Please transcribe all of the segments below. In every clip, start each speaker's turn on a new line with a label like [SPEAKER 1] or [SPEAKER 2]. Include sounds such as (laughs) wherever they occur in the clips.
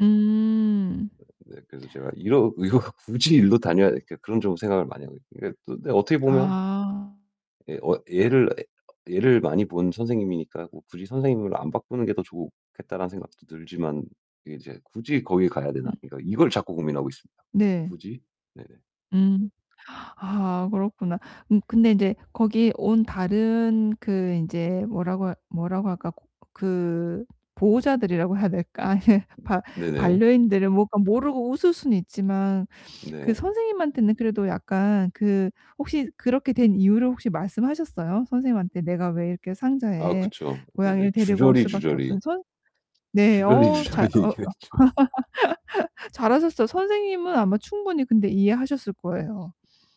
[SPEAKER 1] 음.
[SPEAKER 2] 네. 그래서 제가 이러 이거 굳이 이리로 다녀야 그러니까 그런 쪽으로 생각을 많이 하고 있고 이게 또 근데 어떻게 보면
[SPEAKER 1] 아.
[SPEAKER 2] 예 어 얘를, 얘를 많이 본 선생님이니까 '뭐 굳이 선생님을 안 바꾸는 게 더 좋겠다.'라는 생각도 들지만 이 인제 '굳이 거기 가야
[SPEAKER 1] 음.
[SPEAKER 2] 되나?' 그러니까 이걸 자꾸 고민하고 있습니다.
[SPEAKER 1] 네.
[SPEAKER 2] '굳이?' 네네.
[SPEAKER 1] 음. (gasps) 아 그렇구나. 음 근데 인제 거기 온 다른 그 인제 뭐라고 뭐라고 할까 그 보호자들이라고 해야 될까 아니 바
[SPEAKER 2] 네네.
[SPEAKER 1] 반려인들을 뭐 약간 모르고 웃을 수는 있지만 그
[SPEAKER 2] 네.
[SPEAKER 1] 선생님한테는 그래도 약간 그 혹시 그렇게 된 이유를 혹시 말씀하셨어요? 선생님한테 내가 왜 이렇게
[SPEAKER 2] 아,
[SPEAKER 1] 상자에
[SPEAKER 2] 그쵸. 네네.
[SPEAKER 1] 고양이를 데리고 올 수밖에
[SPEAKER 2] 주저리주저리
[SPEAKER 1] 없었는 선 네. 어 잘
[SPEAKER 2] 주저리주저리
[SPEAKER 1] 어 어.
[SPEAKER 2] 얘기했죠.
[SPEAKER 1] (laughs) 잘하셨어요. 선생님은 아마 충분히 근데 이해하셨을 거예요.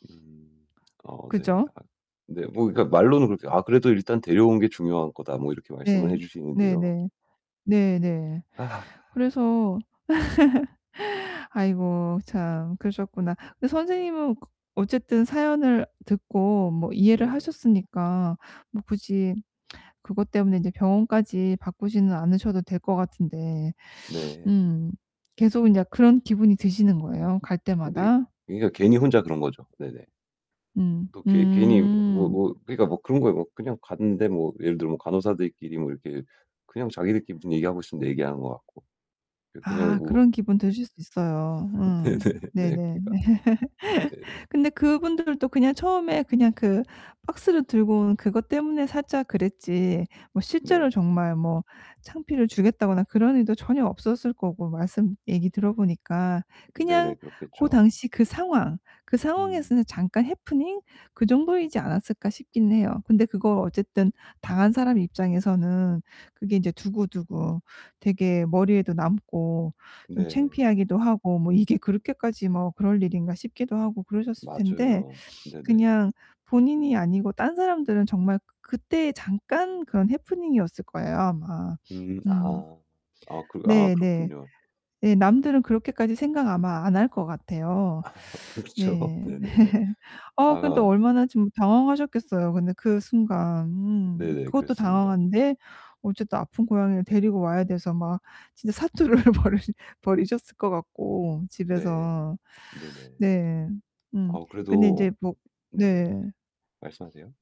[SPEAKER 2] 음. 어, 네.
[SPEAKER 1] 그죠?
[SPEAKER 2] 아 네. 뭐 그러니까 말로는 그렇게 "아 그래도 일단 데려온 게 중요한 거다." 뭐 이렇게 말씀을 해
[SPEAKER 1] 네.
[SPEAKER 2] 주시는데요.
[SPEAKER 1] 네네. 네네.
[SPEAKER 2] 아. (sighs)
[SPEAKER 1] 그래서 (laughs) 아이고 참. 그러셨구나. 근데 선생님은 그 어쨌든 사연을 듣고 뭐 이해를
[SPEAKER 2] 네.
[SPEAKER 1] 하셨으니까 뭐 굳이 그것 때문에 이제 병원까지 바꾸지는 않으셔도 될 것 같은데. (sniffs)
[SPEAKER 2] 네.
[SPEAKER 1] 음. 계속 인제 그런 기분이 드시는 거예요 갈
[SPEAKER 2] 근데
[SPEAKER 1] 때마다?
[SPEAKER 2] 그러니까 괜히 혼자 그런 거죠. 네네.
[SPEAKER 1] 음.
[SPEAKER 2] 또 괘 괜히 뭐 뭐
[SPEAKER 1] 음.
[SPEAKER 2] 뭐 그러니까 뭐 그런 거예요. 뭐 그냥 갔는데 뭐 예를 들어 뭐 간호사들끼리 뭐 이렇게 그냥 자기들끼리 무슨 얘기하고 있음 내 얘기하는 것 같고. 예. 그냥
[SPEAKER 1] 아.
[SPEAKER 2] 뭐
[SPEAKER 1] 그런 기분
[SPEAKER 2] 네.
[SPEAKER 1] 드실 수 있어요. 음.
[SPEAKER 2] (laughs) 네네 네.
[SPEAKER 1] 네네
[SPEAKER 2] 그러니까
[SPEAKER 1] 네.
[SPEAKER 2] 네.
[SPEAKER 1] (laughs) 근데 그분들도 그냥 처음에 그냥 그 박스를 들고 온 그것 때문에 살짝 그랬지 뭐 실제로
[SPEAKER 2] 네.
[SPEAKER 1] 정말 뭐 창피를 주겠다거나 그런 의도 전혀 없었을 거고 말씀 얘기 들어 보니까 '그냥
[SPEAKER 2] 네네.
[SPEAKER 1] 고
[SPEAKER 2] 그렇겠죠.
[SPEAKER 1] 당시 그 상황, 그
[SPEAKER 2] 음.
[SPEAKER 1] 상황에서는 잠깐 해프닝 그 정도이지 않았을까?' 싶긴 해요. 근데 그걸 어쨌든 당한 사람 입장에서는 그게 인제 두고두고 되게 머리에도 남고 좀
[SPEAKER 2] 네.
[SPEAKER 1] 창피하기도 하고 '뭐 이게 그렇게까지 뭐 그럴 일인가?' 싶기도 하고 그러셨을 텐데
[SPEAKER 2] 맞아요. 네네.
[SPEAKER 1] 그냥 본인이 아니고 딴 사람들은 정말 그 그때 잠깐 그런 해프닝이었을 거예요, 아마.
[SPEAKER 2] 음.
[SPEAKER 1] 음.
[SPEAKER 2] 아. 아 그 아
[SPEAKER 1] 네네.
[SPEAKER 2] 그렇군요.
[SPEAKER 1] 예. 남들은 그렇게까지 생각 아마 안 할 것 같아요.
[SPEAKER 2] 아 그렇죠.
[SPEAKER 1] 네.
[SPEAKER 2] 네네네.
[SPEAKER 1] (laughs) 아 근데 또
[SPEAKER 2] 아.
[SPEAKER 1] 얼마나 좀 당황하셨겠어요 근데 그 순간. 음.
[SPEAKER 2] 네네.
[SPEAKER 1] 그것도
[SPEAKER 2] 그랬습니다.
[SPEAKER 1] 당황한데 어쨌든 아픈 고양이를 데리고 와야 돼서 막 진짜 사투를 벌 벌이셨을 것 같고
[SPEAKER 2] 네.
[SPEAKER 1] 집에서.
[SPEAKER 2] 네네.
[SPEAKER 1] 네. 음
[SPEAKER 2] 아우
[SPEAKER 1] 근데 인제
[SPEAKER 2] 그래도
[SPEAKER 1] 뭐
[SPEAKER 2] 네네.
[SPEAKER 1] 네.
[SPEAKER 2] 말씀하세요.